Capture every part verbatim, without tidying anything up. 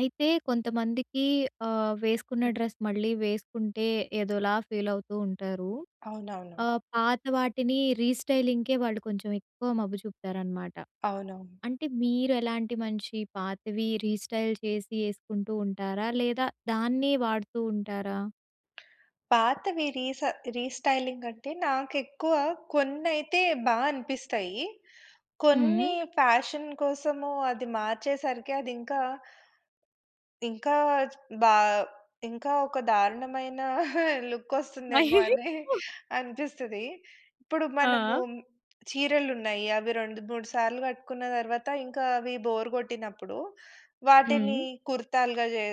అయితే కొంతమందికి ఆహ్, వేసుకున్న డ్రెస్ మళ్ళీ వేసుకుంటే ఏదోలా ఫీల్ అవుతూ ఉంటారు. అవునవును. ఆహ్, పాత వాటిని రీస్టైలింగ్‌కే వాళ్ళు కొంచెం ఎక్కువ మబ్బు చూపుతారనమాట. అవునవును. అంటే మీరు ఎలాంటి మంచి పాతవి రీస్టైల్ చేసి ఏసుకుంటూ ఉంటారా? లేదా దాన్నె వాడుతూ ఉంటారా? పాతవి రీస రీస్టైలింగ్ అంటే నాకు ఎక్కువ కొన్నైతే బా అనిపిస్తాయి. కొన్ని హ్మ్. ఫ్యాషన్ కోసము అది మార్చేసరికి అది ఇంకా ఇంకా బా ఇంకా ఒక దారుణమైన లుక్ వస్తుందేమో అని అనిపిస్తది. ఇప్పుడు మనము ఆ! చీరలు ఉన్నాయి. అవి రెండు మూడు సార్లు కట్టుకున్న తర్వాత ఇంకా అవి బోర్ కొట్టినప్పుడు వాటిని హ్మ్. కుర్తాలుగా చే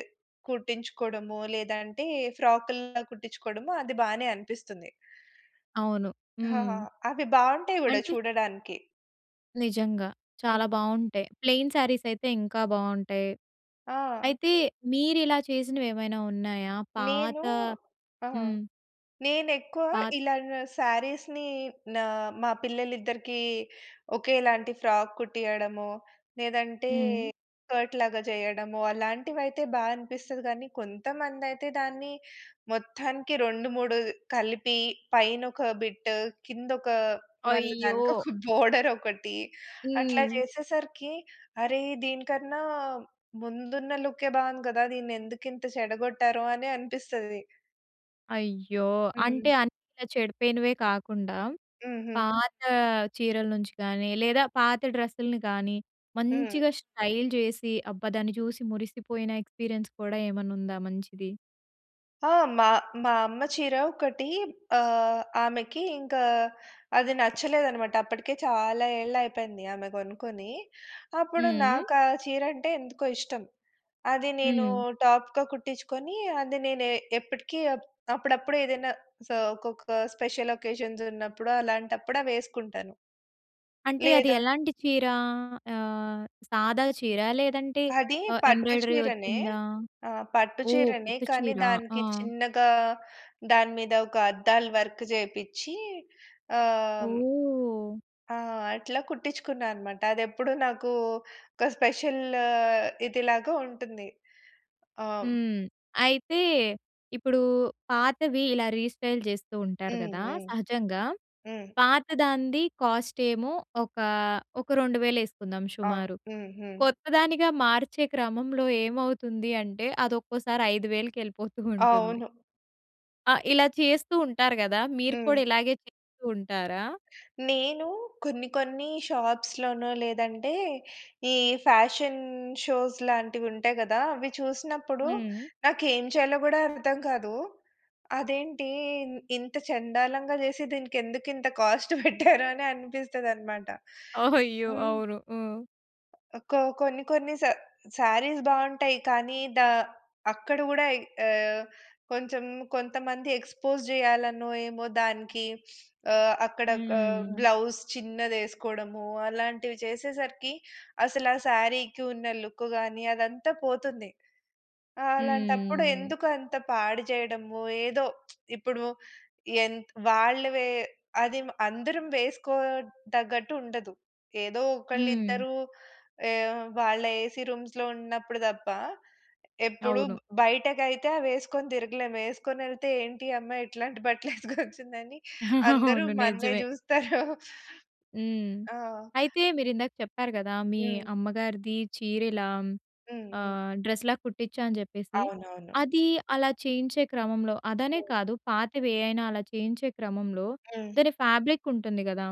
కుట్టించుకోవడము లేదంటే ఫ్రాకులా కుట్టించుకోవడము అది బానే అనిపిస్తుంది. అవును. హ! హ! హ్మ్. అవి బావుంటాయి కూడా అంటే చూడడానికి. నిజంగా. చాలా హ్మ్. బావుంటాయి. ప్లెయిన్ శారీస్ అయితే ఇంకా బావుంటాయి. ఆ! అయితే మీరు ఇలా చేసినవి ఏమైనా ఉన్నాయా? పాత నేను ఆ! హ్మ్. నేను ఎక్కువ పాత్ ఇలాన శారీస్‌ని నా మా పిల్లలు ఇద్దరికీ ఒకేలాంటి ఫ్రాక్ కుట్టియడము లేదంటే హ్మ్. స్కర్ట్ లాగా చేయడము అలాంటివి అయితే బా అనిపిస్తది గానీ కొంతమంది అయితే దాన్ని మొత్తానికి రెండు మూడు కలిపి పైన ఒక బిట్ కింద ఒక మళ్ళీ అయ్యో! దానికొక బోర్డర్ ఒకటి అట్లా హ్మ్. చేసేసరికి అరేయ్ దీనికన్నా ముందున్న లుక్కే బావుంది గదా దీన్ని ఎందుకు ఇంత చెడగొట్టారొ అని అనిపిస్తది. అయ్యో! అంటే, హ్మ్. అన్నీ ఇలా చెడిపోయినవే కాకుండా, హుహు. పాతా చీరల నుంచి కానీ, లేదా పాత డ్రస్సుల్ని కానీ, హ్మ్. మంచిగా స్టైల్ చేసి, అబ్బా! దాన్ని చూసి మురిసిపోయిన ఎక్స్‌పీరియన్స్ కూడా ఏమన్నుందా మంచిది? ఆ! మా, మా అమ్మ చీర ఒకటీ ఆహ్, ఆమెకి ఇంకా అది నచ్చలేదనమాట. అప్పటికే చాలా ఏళ్ళయిపోయింది ఆమె గొనుకొని. అప్పుడు హ్మ్. నాకు ఆ చీరంటే ఎందుకో ఇష్టం. అది నేనూ హ్మ్. టాప్‌గా కుట్టిచ్చుకొనీ, అది నేనే ఎప్పటికీ అప్ అప్పుడప్పుడు ఏదన్నా సో, ఒక్కొక్కా స్పెషలకేషన్సున్నప్పుడు, అలాంటప్పుడవేసుకుంటాను. అంటే, అది లేదా ఎలాంటి చీరా? ఆహ్, సాదా చీరా, లేదంటే అదీ ఆహ్, పట్టు ఎంబ్రాయిడరీ చీరనే. ఒచ్చిందా? ఆహ్, పట్టు ఓహ్! చీరనే, కొత్త కానీ చీర. ఆ! దానికి చిన్నగా, దాని మీద ఒక అద్దాలు వర్క్ జేపిచ్చీ ఆహ్ ఓహ్! ఆ! అట్లా కుట్టించుకున్నా అనమాట. అది ఎప్పుడు నాకూ, ఒక స్పెషల్ల్ ఇదిలాగా ఉంటుంది. ఆహ్ హ్మ్. అయితే, ఇప్పుడూ పాతవి ఇలా రీస్టైల్ చేస్తూ ఉంటారు హ్మ్. గదా హ్మ్. సహజంగా. హ్మ్. పాత‌దాంది కాస్టేమో ఒకా, ఒక రెండు వేలు యేసుకుందాం ఆ! సుమారు. హ్మ్. హ్మ్. కొత్త దానిగా మార్చే క్రమంలో ఏమవుతుంది అంటే, అదొక్కోసారి ఐదు వేలుకి యెళ్ళిపోతూ ఉంటుంది. అవును. ఆ! ఇలా చేస్తూ ఉంటారు గదా! మీరు హ్మ్. కూడా ఇలాగే చేస్తూ ఉంటారా? నేనూ కొన్ని కొన్నీ షాప్స్‌లోనో, లేదంటే ఈ ఫ్యాషన్ షోస్ లాంటివుంటాయి గదా! అవి చూసినప్పుడు హ్మ్. నాకేం చెయ్యాలో గూడా అర్థం కాదూ. అదేంటీ ఇన్ ఇంత చండాలంగా చేసి, దీనికెందుకింత కాస్ట్ పెట్టారా అని అనిపిస్తదనమాట. ఓహ్! అయ్యో! హ్మ్. అవును. హ్మ్. ఒక్కో కొన్ని కొన్ని శ శారీస్ బావుంటాయి. కానీ దా అక్కడ గూడా ఆహ్, కొంచెం కొంతమంది ఎక్స్పోస్ జేయాలనో, ఏమో! దానికి ఆహ్, అక్కడ క హ్మ్. బ్లౌస్ చిన్నదేసుకోవడము అలాంటివి చేసేసరికి అసలు ఆ శారీకి ఉన్న లుక్ గాని అదంతా పోతుంది. అలాంటప్పుడు హ్మ్. ఎందుకంత పాడుజేయడము. ఏదో ఇప్పుడు ఎం‌త్ వాళ్ళ వే అది అందరం వేసుకోదగ్గట్టు ఉండదు. ఏదో హ్మ్. ఒకళ్ళిద్దరు ఏ వాళ్ళ ఏసీ రూమ్స్‌లో ఉన్నప్పుడు తప్ప ఎప్పుడు అవును. బ్ బయటకైతే అవి ఎసుకొని తిరగలేము. యేసుకొని వెళ్తే ఏంటి ఈ అమ్మాయి ఇట్లాంటి బట్టలేసుకొచ్చిందని అందరూ అవును. మ‌న్నే నిజమే. చూస్తారు. హ్మ్. ఆ! అయితే మీరు ఇందాక చెప్పారు గదా! మీ హ్మ్. అమ్మగారిది చీరల హ్మ్, హ్మ్. హ్మ్. ఆహ్, డ్రెస్‌లా కుట్టిచ్చా అని జెప్పేసి. అవునవును. అది అలా చేయించే క్రమంలో అదనే హ్మ్. కాదు. పాతవేవైనా అలా చేయించే క్రమంలో హ్మ్. దాని ఫ్యాబ్రిక్ ఉంటుంది గదా!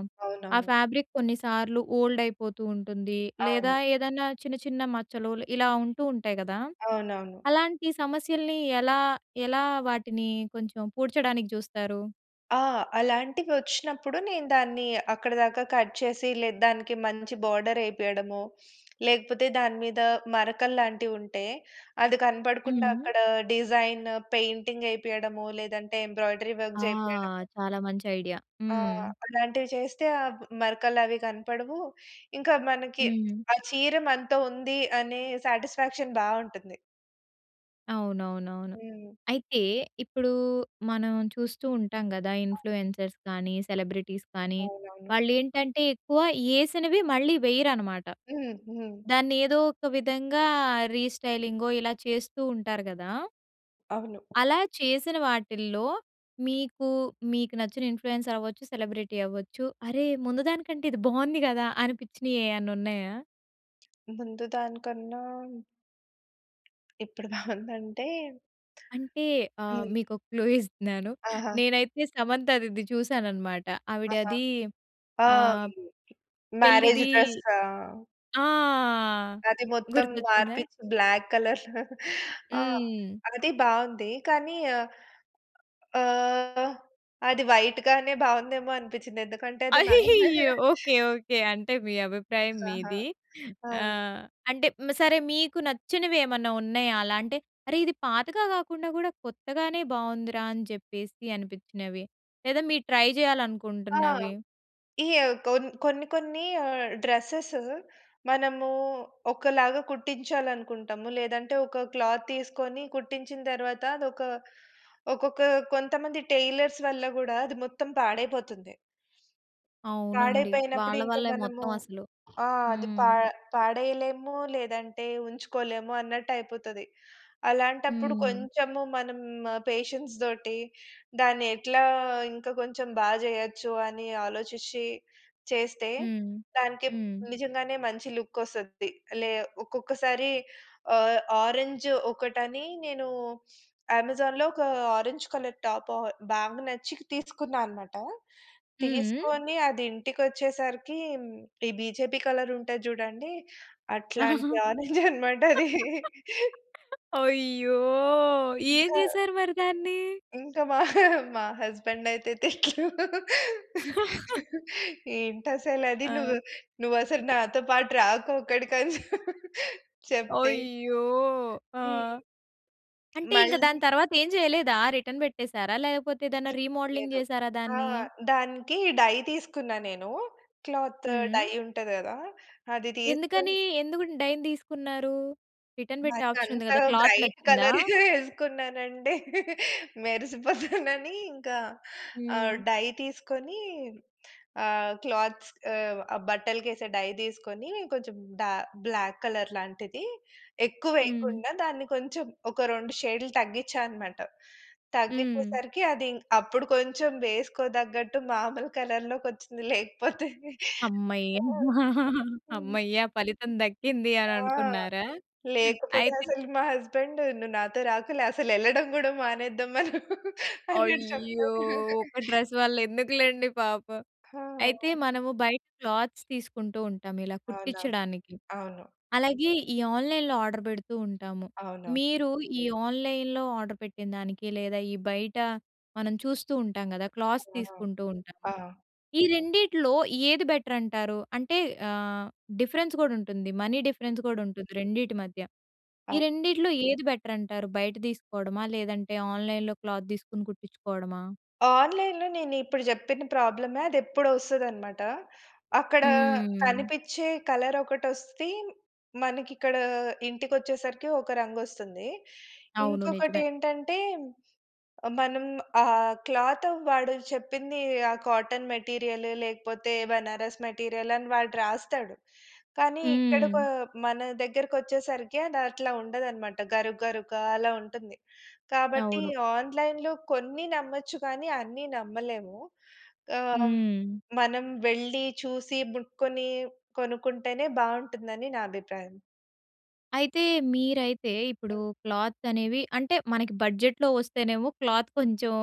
ఆ అవునవును. ఫ్యాబ్రిక్ కొన్నిసార్లు ఓల్డ్ అయిపోతూ ఉంటుంది. లేదా అవును. ఏదన్నా చిన్న చిన్న మచ్చలు ఇలా ఉంటూ ఉంటాయి గదా! అవునవును. అలాంటి సమస్యల్ని ఎలా ఎలా వాటిని కొంచెం పూడ్చడానికి చూస్తారు? ఆహ్, అలాంటివి ఒచ్చినప్పుడు, నేను దాన్ని అక్కడి దాకా కట్ చేసి లేద్ దానికి మంచి బోర్డర్ వేపియడమొ, లేకపోతే, దాని మీద మరకలు లాంటివి ఉంటే, అది కనపడకుండా హ్మ్. అక్కడ డిజైన్ పెయింటింగ్ ఏపియడమొ, లేదంటే, ఎంబ్రాయిడరీ వర్క్ ఆ! చేపియడము. చాలా మంచి ఐడియా. ఆ! హ్మ్. అలాంటివి చేస్తే ఆబ్ మరకలు అవి కనపడవు. ఇంకా మనకి హ్మ్. ఆ చీర మనతో ఉంది, అనే సాటిస్ఫాక్షన్ బావుంటుంది. అవునవునవును. హ్మ్. అయితే, ఇప్పుడు మనం చూస్తూ ఉంటాం కదా! అవును. ఇన్‌ఫ్లూయెన్సర్స్ కానీ, సెలబ్రిటీస్ కానీ, అవునవును. వాళ్ళు ఏంటంటే ఎక్కువ ఏసినవి మళ్ళీ వెయ్యరన్నమాట. హ్మ్. హ్మ్. దాన్ని ఏదో ఒక విధంగా రీస్టైలింగో ఇలా చేస్తూ ఉంటారు కదా! అవును. అలా చేసిన వాటిల్లో మీకు, మీకు నచ్చిన ఇన్‌ఫ్లూయెన్సర్ అవ్వచ్చు, సెలబ్రిటీ అవ్వచ్చు. అరే! ముందు దానికంటే ఇది బాగుంది కదా! అనిపించినయి ఏయన్నా ఉన్నాయా? ముందు దానికన్నా... ఇప్పుడు బావుంది. అంటే అంటే ఆహ్, హ్మ్. మీకు ఒక క్లూ ఇస్తున్నాను. ఆహా! నేనైతే సమంతది ఇది చూశానన్నమాట. ఆహా! ఆవిడది ఆ! ఆహ్, మ్యారేజ్ పెళ్ళిది డ్రస్సా! ఆ! అది మొత్తం గుర్తొచ్చిందా? మార్పించి బ్లాక్ కలర్‌లో ఆహ్, హ్మ్. అది బావుంది. కానీయా ఆహ్, అది వైట్ గానే బాగుందేమో అనిపించింది. ఎందుకంటే, అది మ్యారేజ్ మేయ అయ్యయ్యో! ఓకే. ఓకే. అంటే మీ అభిప్రాయం ఆహా! మీది. ఆ! ఆ! హ్మ్. అంటే సరే మీకు నచ్చినవి ఏమన్నా ఉన్నాయా? అలా అంటే, అరే! ఇది పాతగా కాకుండా కూడా కొత్తగానే బాగుందిరా! అని చెప్పేసి అనిపించినవి? లేదా మీరు ట్రై ఆ! చేయాలనుకుంటున్నవి? ఈ కోన్ కొన్ని, కొన్ని ఆహ్, డ్రెసెస్ మనము ఒకలాగా కుట్టించాలనుకుంటాము. లేదంటే, ఒక క్లాత్ తీసుకొని కుట్టించిన తర్వాత అది ఒక ఒకొక్క కొంతమంది టైలర్స్ వల్ల కూడా అది మొత్తం పాడైపోతుంది. అవునండి. పాడైపోయినప్పుడు. వాళ్ళ ఇంక వల్లే మనము మొత్తం అసలు. ఆహ్, అది పా హ్మ్. పాడయలేము, లేదంటే ఉంచుకోలేము అన్నట్టు అయిపోతది. అలాంటప్పుడు హ్మ్. కొంచెము మనం పేషెన్స్‌తోటి దాన్ని ఎట్లా ఇంకా కొంచెం బా చేయొచ్చు అని ఆలోచిచ్చి చేస్తే, హ్మ్. దానికి హ్మ్. నిజంగానే మంచి లుక్ వస్తుంది. లే ఒక్కొక్కసారి ఆహ్, ఆరెంజ్ ఒకటని నేను అమెజాన్‌లో, ఒక ఆరెంజ్ కలర్ టాప్ ఆహ్, బాగా నచ్చి తీసుకున్నానమాట. హ్మ్. తీసుకొని, అది ఇంటికి వచ్చేసరికి ఈ బీజేపీ కలర్ ఉంటది చూడండి. అట్లాంటి ఆరంజ్ అన్నమాట అది. అయ్యో! ఏం ఇంకా... చేసారు మరి దాన్ని? ఇంకా మా మా హస్బెండ్ అయితే తిట్లు. "ఏంటి అసలు అది నువ్వు ఆ! నువ్వు అసలు నాతో పాటు రాకు అక్కడికి" అని చెప్ చెప్తే అయ్యో! హ్మ్. ఆహ్, అంటే ఇంక మళ్ళీ దాని తర్వాత ఏం చేయలేదా? రిటర్న్ పెట్టేశారా? లేకపోతే, ఏదన్న హ్మ్. రీమోడలింగ్ లేదు. చేసారా ఆ! దాన్ని? దానికి డై తీసుకున్నా నేను. క్లాత్, హ్మ్. డై ఉంటది కదా! అది ఎందుకని? తీసుకుని ఎందుకు డైన్ తీసుకున్నారు? రిటర్న్ పెట్టే మరి ఆప్షన్ ఉంది అంత కదా! క్లాత్ బ్రైట్ నచ్చిందా? కలర్ వేసుకున్నానంటె, మెరిసిపోతానని ఇంకా, ఆహ్, హ్మ్. డై తీసుకొని ఆహ్, క్లాత్స్ ఆహ్, బట్టలకేసే డై తీసుకొని కొంచెం డా బ్లాక్ కలర్ లాంటిది ఎక్కువ హ్మ్. వేయకుండా దాన్ని కొంచెం, ఒక రెండు షేడ్లు తగ్గించానమాట. హ్మ్. తగ్గిచేసరికి అది అప్పుడు కొంచెం వేసుకోదగ్గట్టు మామూలు కలర్‌లోకొచ్చింది. లేకపోతే అమ్మయ్య! ఆ! అమ్మ! హ్మ్. అమ్మయ్య! ఫలితం దక్కింది ఆ! అని అనుకున్నారా? లేకపోతే అయితే అసలు మా హస్బెండు, "నువ్వు నాతో రాకులే, అసలు వెళ్ళడం కూడా మానేద్దాం" అన్నట్టు అయ్యో! చెప్పాడు. ఒక డ్రెస్ వల్ల ఎందుకులెండి పాపం. అయితే, ఆ! మనము బయట క్లాత్స్ తీసుకుంటూ ఉంటాం ఇలా అవునా? కుట్టించడానికి. అవును. అలాగే ఈ ఆన్‌లైన్‌లొ ఆర్డర్ పెడుతూ ఉంటాము. అవునవును. మీరు ఈ ఆన్‌లైన్‌లొ ఆర్డర్ పెట్టిందనికి, లేదా ఈ బయట మనం చూస్తూ ఉంటాం కదా! క్లాత్స్ ఆ! తీసుకుంటూ ఉంటాం. ఆ! ఆ! ఈ రెండిట్లో ఏది బెటర్ అంటారు? అంటే ఆహ్, డిఫరెన్స్ కూడా ఉంటుంది. మనీ డిఫరెన్స్ కూడా ఉంటుంది రెండిటి మధ్య. ఈ అవ్ రెండిట్లో ఏది బెటర్ అంటారు? బయట తీసుకోవడమా? లేదంటే ఆన్‌లైన్‌లొ క్లాత్ తీసుకొని కుట్టించుకోవడమా? ఆన్‌లైన్‌లో నేను ఇప్పుడు చెప్పిన ప్రాబ్లమే అది ఎప్పుడో ఒస్తదన్నమాట. అక్కడ హ్మ్. కనిపిచ్చే కలర్ ఒకటి వస్తే, మనకి ఇక్కడ ఇంటికి వచ్చేసరికి ఒక రంగు వస్తుంది. అవును. ఇంకొకటి నిజమే. ఏంటంటే, ఆహ్, మనం ఆ క్లాత్ వాడు చెప్పింది ఆ కాటన్ మెటీరియలు లేకపోతే, బనారస్ మెటీరియల్ అని వాడు రాస్తాడు. కానీ, ఇక్కడ క హ్మ్. మన దగ్గరకొచ్చేసరికి అది అట్లా ఉండదన్నమాట. గరుక్, గరుగ్గ అలా ఉంటుంది. కాబట్టి, అవును. ఆన్‌లైన్‌లో కొన్ని నమ్మొచ్చు కానీ, అన్ని నమ్మలేము. ఆహ్, హ్మ్. మనం వెళ్ళి, చూసి, ముట్టుకొని కొనుకుంటేనే బావుంటుందని నా అభిప్రాయం. అయితే మీరైతే ఇప్పుడు క్లాత్ అనేవి అంటే మనకి బడ్జెట్‌లో వస్తేనేమో క్లాత్ కొంచెం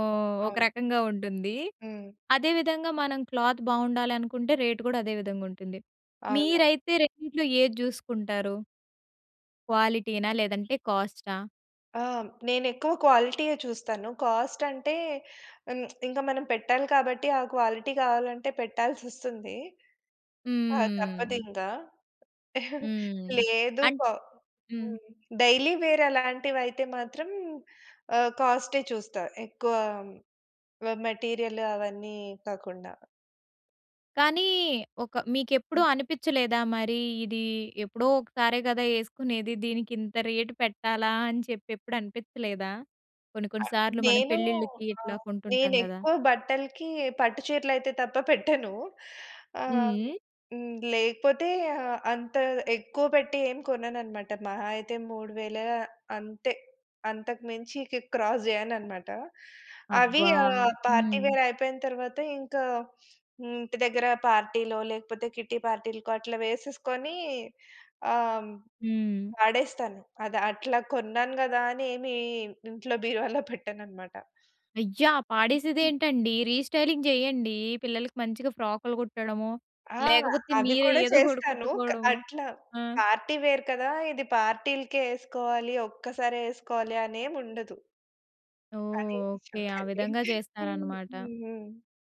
ఒక అవును. రకంగా ఉంటుంది. హ్మ్. అదే విధంగా మనం క్లాత్ బావుండాలనుకుంటే రేట్ కూడా అదే విధంగా ఉంటుంది. అవును. మీరైతే రెండిట్లో ఏది జూసుకుంటారు? క్వాలిటీనా లేదంటే కాస్టా? ఆ! నేనెక్కువ క్వాలిటీయే చూస్తాను. కాస్ట్ అంటే హ్మ్. ఇంకా మనం పెట్టాలి కాబట్టి ఆ క్వాలిటీ గావాలంటే పెట్టాల్సొస్తుంది. ఆ! తప్పదు హ్మ్. ఇంగ. హ్మ్. లేదు అం ప హ్మ్. హ్మ్. డైలీ వేర్ అలాంటివైతే మాత్రం ఆహ్, కాస్టే చూస్తా. ఎక్కువ వ మెటీరియల్ అవన్నీ కాకుండా. కానీ! ఒక మీకెప్పుడూ అనిపిచ్చలేదా మరి ఇది ఎప్పుడో ఒకసారే గదా! యేసుకునేది. దీనికి ఇంత రేటు పెట్టాలా అని చెప్పి ఎప్పుడు అనిపిచలేదా? కొన్ని కొన్ని సార్లు మనం నేను పెళ్ళిళ్ళకి ఇట్లా ఆహ్, కొంటుంటాం గదా! నేనెక్కువ బట్టలకి పట్టు చీరలు అయితే తప్ప పెట్టను. ఆహ్, హ్మ్. హ్మ్, లేకపోతే ఆహ్, అంత ఎక్కువ పెట్టి ఏం కొననన్నమాట. మహా అయితే మూడు వేల అంతే. అంతకు మించి ఇక క్రాస్ జేయనన్నమాట. అవి అబ్బా! ఆహ్, పార్టీ హ్మ్. వేర్ అయిపోయిన తర్వాత ఇంకా హ్మ్. ఇంటి దగ్గర పార్టీలో, లేకపోతే కిట్టి పార్టీలకో అట్లా వేసేసుకొని ఆహ్, హ్మ్, హ్మ్. వాడేస్తాను. అది అట్లా కొన్నాను గదా అని ఏమి ఇంట్లో బీరువాలో పెట్టనన్నమాట. అయ్యా! పాడేసేదే ఏంటండి రీస్టైలింగ్ జేయండి. పిల్లలకి మంచిగా ఫ్రాకులు కుట్టడమొ, ఆ! లేకపోతే అది మీరే కూడా ఏదో ఒకటి చేస్తాను. క కుట్టుకోవడమొ. అట్లా ఆ! పార్టీ వేర్ కదా! ఇది పార్టీ‌లకే యేసుకోవాలి. ఒక్కసారే యేసుకోవాలి. అనేముండదు. ఓహ్! తనే ఓకే. ఆ విధంగా [unintelligible] హ్మ్. జేస్తారన్నమాట. హ్మ్.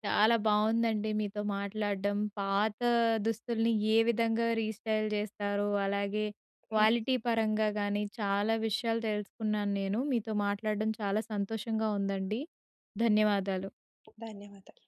చాలా బావుందండి మీతో మాట్లాడ్డం. పాత దుస్తుల్ని ఏ విధంగా రీస్టైల్ జేస్తారు అలాగే క్వాలిటీ పరంగా గానీ చాలా విషయాలు తెలుసుకున్నాను నేను. మీతో మాట్లాడడం చాలా సంతోషంగా ఉందండి. ధన్యవాదాలు. ధన్యవాదాలు.